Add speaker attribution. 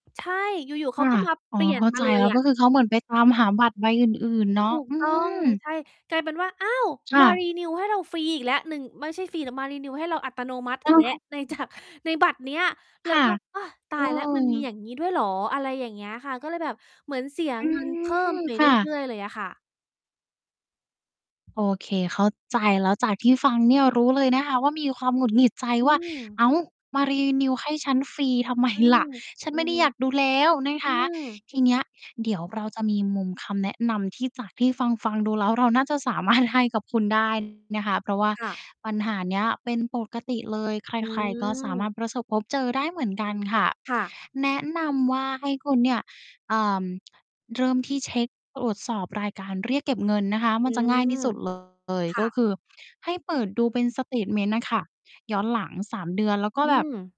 Speaker 1: ใช่ อยู่ ๆ เ
Speaker 2: ค
Speaker 1: ขา
Speaker 2: ่ะ
Speaker 1: ก็มา
Speaker 2: อ๋อ
Speaker 1: เปลี่ย
Speaker 2: เ
Speaker 1: น
Speaker 2: ข้า
Speaker 1: มา
Speaker 2: ใจ
Speaker 1: เล
Speaker 2: แ
Speaker 1: ย
Speaker 2: ล้ว
Speaker 1: อ
Speaker 2: ก็
Speaker 1: ะ
Speaker 2: คือเขาเหมือนไปตามหาบัตรใบอื่น ๆ เนา
Speaker 1: ถ
Speaker 2: ะ
Speaker 1: ูก
Speaker 2: อื
Speaker 1: ต้อง
Speaker 2: ม
Speaker 1: ใช่ กลายเป็นว่า อ้าว!
Speaker 2: ค
Speaker 1: ม
Speaker 2: ่
Speaker 1: า
Speaker 2: ะ
Speaker 1: renew ให้เราฟรีอีกแล้วหนึ่ง ไม่ใช่ฟรีแต่มา renew ให้เราอัตโนมัติ
Speaker 2: เอ
Speaker 1: อี
Speaker 2: อ
Speaker 1: กแล้
Speaker 2: ให
Speaker 1: ว
Speaker 2: ้
Speaker 1: ในจาก ในบัตรเนี้ย แล
Speaker 2: ค
Speaker 1: ้
Speaker 2: ่
Speaker 1: ว
Speaker 2: ะ
Speaker 1: ก็ "โอ้ ต
Speaker 2: เ
Speaker 1: า
Speaker 2: อ
Speaker 1: ยแล้วมันมีอ
Speaker 2: อ
Speaker 1: ย่างงี้ด้วยเหรอ" อะไรอย่างเงี้ยค่ะ ก็เลยแบบเหมือนเสีย
Speaker 2: อื
Speaker 1: เงินเพิ่ม
Speaker 2: ม
Speaker 1: ไป
Speaker 2: ค
Speaker 1: เร
Speaker 2: ่ะ
Speaker 1: ื่อย ๆ เลยอะค่ะ
Speaker 2: โอเค เข้าใจแล้ว จากที่ฟังเนี่ยรู้เลยนะคะว่ามีความหงุดหงิดใจ
Speaker 1: อื
Speaker 2: ว่า อ
Speaker 1: ม
Speaker 2: ้าว! มา renew ให้ฉันฟรีทำ ไม
Speaker 1: อื
Speaker 2: ล
Speaker 1: ม
Speaker 2: ่ะ ฉั
Speaker 1: อ
Speaker 2: น
Speaker 1: ื
Speaker 2: ไม
Speaker 1: อ
Speaker 2: ่ได้
Speaker 1: ฮึ
Speaker 2: อยากดูแล้วนะ
Speaker 1: อื
Speaker 2: คะ
Speaker 1: ม
Speaker 2: ทีเนี้ย เดี๋ยวเราจะมีมุมคำแนะนำที่จากที่ฟัง ๆ ดูแล้วเราน่าจะ สามารถให้ กับคุณ ได้ นะคะ เพราะว่า
Speaker 1: ค่ะ
Speaker 2: ปัญหาเนี้ยเป็นปกติเลย ใ
Speaker 1: อื
Speaker 2: คร ๆ ก็สา
Speaker 1: ม
Speaker 2: มารถประสบพบเจอได้เหมือนกันค่ะ
Speaker 1: ค่ะ
Speaker 2: แนะนำว่าให้คุณเนี่ย อ่า เริ่มที่เช็คตรวจสอบรายการเรียกเก็บเงินนะคะ ม
Speaker 1: อ
Speaker 2: ั
Speaker 1: ื
Speaker 2: นจะง่ายท
Speaker 1: ม
Speaker 2: ี่สุด เลย
Speaker 1: ค่
Speaker 2: ก็
Speaker 1: ะ
Speaker 2: คือให้เปิดดูเป็นสเตตเมนต์อะค่ะ ย้อนหลัง 3 เดือน แล้วก็
Speaker 1: อื
Speaker 2: แบบ
Speaker 1: ม